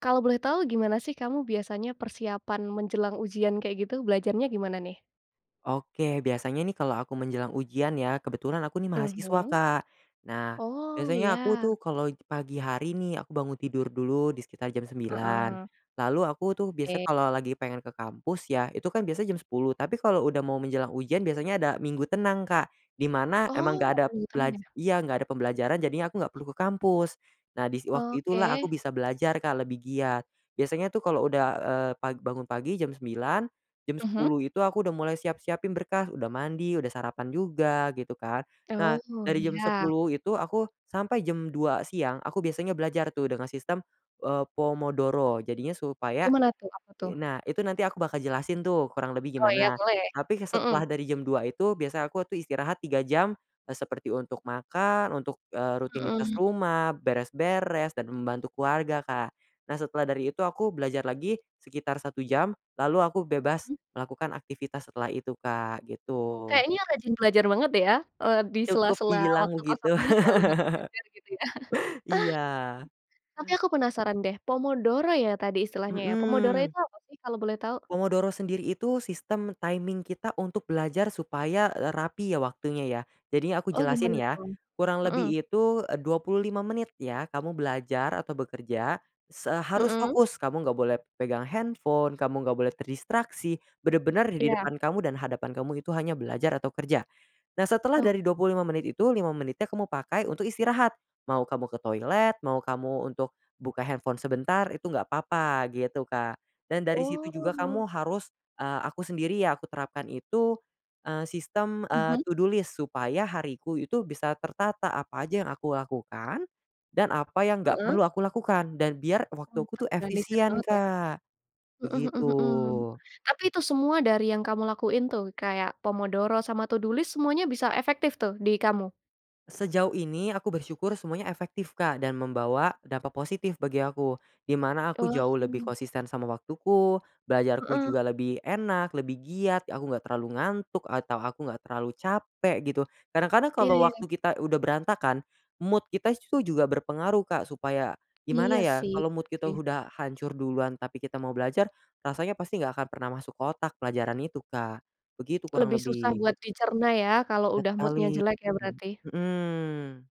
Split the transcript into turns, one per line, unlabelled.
Kalau boleh tahu, gimana sih kamu biasanya persiapan menjelang ujian kayak gitu, belajarnya gimana nih?
Oke, biasanya nih kalau aku menjelang ujian ya, kebetulan aku nih mahasiswa,
Mhm.
Kak. Nah,
Oh,
biasanya aku
iya.
tuh kalau pagi hari nih, aku bangun tidur dulu di sekitar jam 9.00
Heeh.
lalu aku tuh biasa
Eee.
kalau lagi pengen ke kampus, ya itu kan biasa jam 10 tapi, kalau udah mau menjelang ujian biasanya ada minggu tenang, Kak. Di mana emang
Oh
enggak
ada
ada
minggu tenang
pelaj
ya.
iya, enggak pembelajaran jadinya aku enggak perlu ke kampus. Nah, dis waktu itulah aku
Oke.
bisa belajar Kak, lebih giat. Biasanya tuh kalo udah eee, pag bangun pagi jam 9.00, jam
Mhm.
10.00 itu aku udah mulai siap-siapin berkas, udah mandi, udah sarapan juga, gitu kan. Nah,
Oh,
dari jam
ya.
10.00 itu aku, sampai jam 2.00 siang aku biasanya belajar tuh, dengan sistem, eee, pomodoro jadinya supaya.
Gimana tuh, apa
I
tuh?
nah itu nanti aku bakal jelasin tuh, kurang lebih
Oh ya
gimana,
boleh,
tapi ke
mhm.
setelah dari jam 2.00 itu, biasa aku tuh istirahat 3 jam, eee, seperti untuk makan untuk, eee, rutinitas
Hmm.
rumah, beres-beres dan membantu keluarga Kak. Nah, setelah dari itu aku belajar lagi sekitar 1 jam, lalu aku bebas
[unintelligible]
melakukan aktivitas setelah itu Kak, gitu.
Kayaknya rajin belajar banget ya, eee,
Cukup
disela-sela
dibilang
waktu
begitu.
kosongnya selalu banyak belajar gitu ya.
Iya.
Tapi, aku penasaran deh, pomodoro ya tadi istilahnya ya, pomodoro
Mhm.
itu apa sih, kalau boleh tahu?
Pomodoro sendiri itu, sistem timing kita untuk belajar supaya, eee, rapi ya waktunya ya, jadinya aku
Oh,
jelasin
gimana
ya.
tuh
Kurang lebih
heeh.
itu eee, 25 menit ya, kamu belajar atau bekerja se harus
Heeh.
fokus, kamu enggak boleh pegang handphone, kamu enggak boleh terdistraksi, bener-bener di
Iya.
depan kamu dan hadapan kamu, itu hanya belajar atau kerja. Nah, setelah
Ok.
dari 25 menit itu 5 menitnya kamu pakai untuk istirahat. Mau kamu ke toilet, mau kamu untuk buka handphone sebentar, itu enggak apa-apa, gitu Kak. Dan dari situ juga
Oh.
kamu harus, eee, aku sendiri ya aku terapkan itu, eee, sistem eee,
Mhm.
to do list, supaya hariku itu bisa tertata, apa aja yang aku lakukan. Dan apa yang enggak
Heeh.
perlu aku lakukan dan biar waktu
M
aku tuh
terorganisir
efisien
banget ya.
Kak.
Hmm
Begitu.
hmm hmm, tapi itu semua dari yang kamu lakuin tuh, kayak pomodoro sama to do list semuanya bisa efektif tuh, di kamu?
Sejauh ini, aku bersyukur semuanya efektif Kak, dan membawa dampak positif bagi aku. Di mana aku
Oh,
jauh lebih
hmm.
konsisten sama waktuku, belajarku
Heeh.
juga lebih enak, lebih giat, aku enggak terlalu ngantuk atau aku enggak terlalu capek, gitu. Kadang-kadang
Iya
kalau
iya.
waktu kita udah berantakan, mood kita itu juga berpengaruh Kak, supaya,
Iya
gimana ya
sih,
kalau mood
bener
kita
sih.
udah hancur duluan, tapi kita mau belajar, rasanya pasti enggak akan pernah masuk ke otak pelajaran itu, Kak. Begitu kurang
Lebih susah
lebih.
buat dicerna ya, kalau udah mood-nya
Ngakalin.
jelek ya, berarti.
Mhm.